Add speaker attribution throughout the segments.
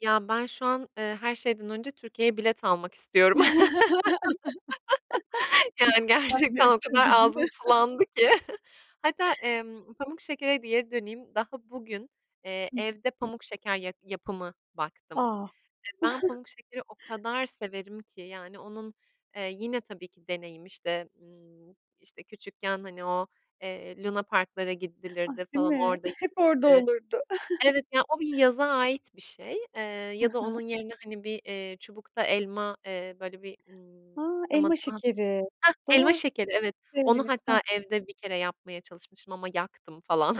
Speaker 1: Ya, ben şu an, eee, her şeyden önce Türkiye'ye bilet almak istiyorum. Yani,
Speaker 2: İştahlar bir
Speaker 1: gerçekten o
Speaker 2: açıldı,
Speaker 1: kadar
Speaker 2: değil
Speaker 1: ağzım
Speaker 2: mi?
Speaker 1: sulandı ki! Hatta, emm, pamuk şekere de geri döneyim: Daha bugün, eee,
Speaker 2: Hı hı.
Speaker 1: evde pamuk şeker ya yapımı baktım.
Speaker 2: A!
Speaker 1: E, ben pamuk şekeri o kadar severim ki! Yani, onun Eee, yine tabii ki deneyim, işte, ımm, işte, küçükken hani o, eee, lunaparklara
Speaker 2: Ah!
Speaker 1: gidilirdi
Speaker 2: Değil
Speaker 1: falan,
Speaker 2: mi?
Speaker 1: orada
Speaker 2: Hep orada
Speaker 1: yenirdi.
Speaker 2: olurdu.
Speaker 1: Evet ya, o bir yaza ait bir şey, eee,
Speaker 2: Hı
Speaker 1: ya da
Speaker 2: hı.
Speaker 1: onun yerine, hani, bir, eee, çubukta elma, eee, böyle bir, ımm,
Speaker 2: A,
Speaker 1: tam
Speaker 2: elma
Speaker 1: adını
Speaker 2: şekeri!
Speaker 1: Hah, elma
Speaker 2: Doğru.
Speaker 1: şekeri, evet! Onu
Speaker 2: Evet. Heh.
Speaker 1: hatta evde bir kere yapmaya çalışmıştım ama yaktım falan.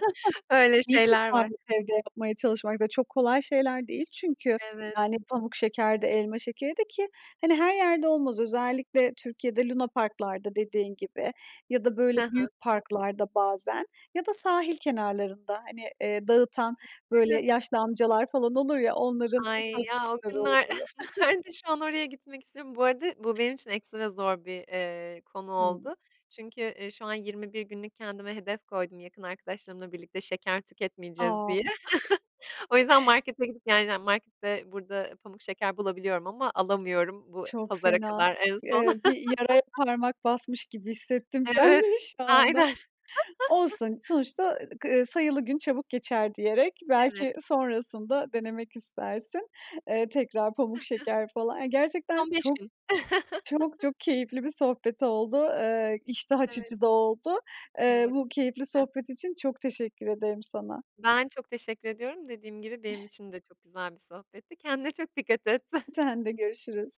Speaker 1: Öyle
Speaker 2: İyi
Speaker 1: şeyler var.
Speaker 2: cesaret evde yapmaya çalışmak da çok kolay şeyler değil çünkü,
Speaker 1: Evet.
Speaker 2: yani, pamuk şeker de elma şekeri de. Ki, hani, her yerde olmaz, özellikle Türkiye'de lunaparklarda dediğin gibi ya da, böyle,
Speaker 1: Hı hı.
Speaker 2: büyük parklarda bazen ya da sahil kenarlarında, hani, eee, dağıtan,
Speaker 1: Evet.
Speaker 2: böyle, yaşlı amcalar falan olur ya, onların
Speaker 1: Ay,
Speaker 2: [unintelligible]
Speaker 1: ya, o günler
Speaker 2: oluyor.
Speaker 1: nerede şu an? Oraya gitmek istiyorum. Bu arada bu benim için ekstra zor bir, eee, konu
Speaker 2: Hımm.
Speaker 1: oldu çünkü, eee, şu an 21 günlük kendime hedef koydum yakın arkadaşlarımla birlikte, "Şeker tüketmeyeceğiz." diye.
Speaker 2: A!
Speaker 1: O yüzden markete gidip yani, markette burada pamuk şeker bulabiliyorum ama alamıyorum bu
Speaker 2: Çok
Speaker 1: pazara
Speaker 2: fena!
Speaker 1: kadar en son.
Speaker 2: Eee, bir yaraya parmak basmış gibi hissettim ben de
Speaker 1: Evet,
Speaker 2: şu anda.
Speaker 1: aynen.
Speaker 2: Olsun, sonuçta k "sayılı gün çabuk geçer" diyerek
Speaker 1: Evet.
Speaker 2: belki sonrasında denemek istersin, eee, tekrar pamuk şeker falan. Yani gerçekten
Speaker 1: Son 5
Speaker 2: çok,
Speaker 1: gün.
Speaker 2: çok, çok keyifli bir sohbet oldu. Eee, iştah
Speaker 1: Evet.
Speaker 2: açıcı da oldu. Eee,
Speaker 1: Evet,
Speaker 2: bu keyifli
Speaker 1: kesinlikle.
Speaker 2: sohbet için çok teşekkür ederim sana.
Speaker 1: Ben çok teşekkür ediyorum. Dediğim gibi, benim için de çok güzel bir sohbetti. Kendine çok dikkat et.
Speaker 2: Sen de. Görüşürüz.